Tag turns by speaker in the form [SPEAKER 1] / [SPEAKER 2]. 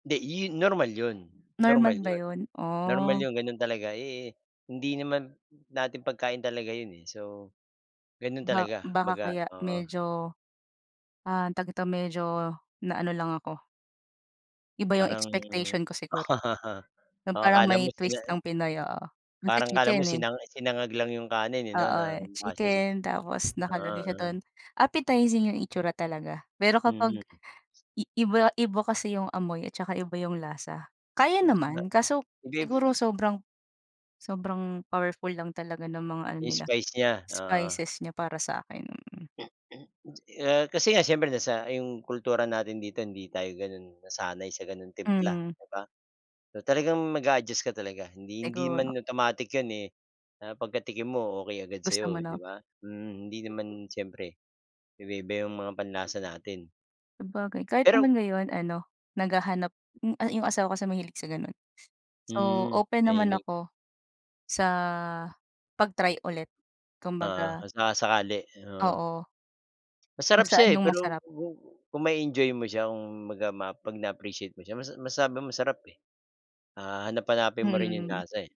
[SPEAKER 1] 'Di, 'yun normal 'yun
[SPEAKER 2] Normal
[SPEAKER 1] normal
[SPEAKER 2] ba
[SPEAKER 1] 'yun.
[SPEAKER 2] yun?
[SPEAKER 1] Normal
[SPEAKER 2] Oh.
[SPEAKER 1] yun, ganun talaga. Eh eh, hindi naman natin pagkain talaga yun eh. So, ganun
[SPEAKER 2] Ba
[SPEAKER 1] talaga,
[SPEAKER 2] baka
[SPEAKER 1] kumabaga,
[SPEAKER 2] kaya
[SPEAKER 1] oo.
[SPEAKER 2] medyo, ah, tawag nito medyo, na ano lang ako. Iba yung
[SPEAKER 1] Parang
[SPEAKER 2] expectation ko siguro. 'Yung
[SPEAKER 1] oo,
[SPEAKER 2] parang
[SPEAKER 1] akala mo
[SPEAKER 2] may
[SPEAKER 1] sina
[SPEAKER 2] twist ng Pinoy, oo. Kasi
[SPEAKER 1] Parang 'kala mo
[SPEAKER 2] chicken, eh.
[SPEAKER 1] sinang sinangag lang 'yong kanin eh, 'no
[SPEAKER 2] Oo,
[SPEAKER 1] na
[SPEAKER 2] eh.
[SPEAKER 1] mukha
[SPEAKER 2] Chicken, tapos
[SPEAKER 1] Oo,
[SPEAKER 2] nakalagay siya
[SPEAKER 1] oo.
[SPEAKER 2] dun. Appetizing yung itsura talaga. Pero kapag
[SPEAKER 1] Mhm.
[SPEAKER 2] i iba-iba kasi yung amoy, at saka iba yung lasa. Kaya
[SPEAKER 1] Kung
[SPEAKER 2] naman,
[SPEAKER 1] sabagay.
[SPEAKER 2] kaso
[SPEAKER 1] Hindi
[SPEAKER 2] siguro sobrang sobrang powerful lang talaga ng mga ano
[SPEAKER 1] Yung
[SPEAKER 2] nila,
[SPEAKER 1] spice niya, oo.
[SPEAKER 2] spices niya para sakin. Mm.
[SPEAKER 1] Eh, kasi nga siyempre nasa 'yong kultura natin dito, hindi tayo gano'n nasanay sa gano'ng timpla,
[SPEAKER 2] Mm.
[SPEAKER 1] 'di ba? So talagang mag-a-adjust ka talaga hindi hindi
[SPEAKER 2] Siguro.
[SPEAKER 1] man automatic 'yon eh, na pagka-tikim mo okey agad
[SPEAKER 2] Gusto mo,
[SPEAKER 1] sa'yo, 'di
[SPEAKER 2] 'no?
[SPEAKER 1] ba? Mm, hindi naman siyempre iba-iba 'yong mga panlasa natin,
[SPEAKER 2] Sabagay, kahit
[SPEAKER 1] Pero
[SPEAKER 2] naman ngayon ano, naghahanap hmm, yung asawa kasi mahilig sa ganun. So,
[SPEAKER 1] Hmm,
[SPEAKER 2] open naman
[SPEAKER 1] mahilig.
[SPEAKER 2] ako, sa 'pag-try ulit,
[SPEAKER 1] Oo,
[SPEAKER 2] kumbaga
[SPEAKER 1] kung saka-sakali. Oo.
[SPEAKER 2] Oo. Kung
[SPEAKER 1] Masarap
[SPEAKER 2] saan
[SPEAKER 1] siya, eh.
[SPEAKER 2] yung
[SPEAKER 1] Pero
[SPEAKER 2] masarap.
[SPEAKER 1] ku kung ma-e-enjoy mo siya, kumbaga ma 'pag na-appreciate mo siya mas masabi mo masarap, eh. Ah, hahanap-hanapin mo rin yung
[SPEAKER 2] Mm.
[SPEAKER 1] lasa, eh.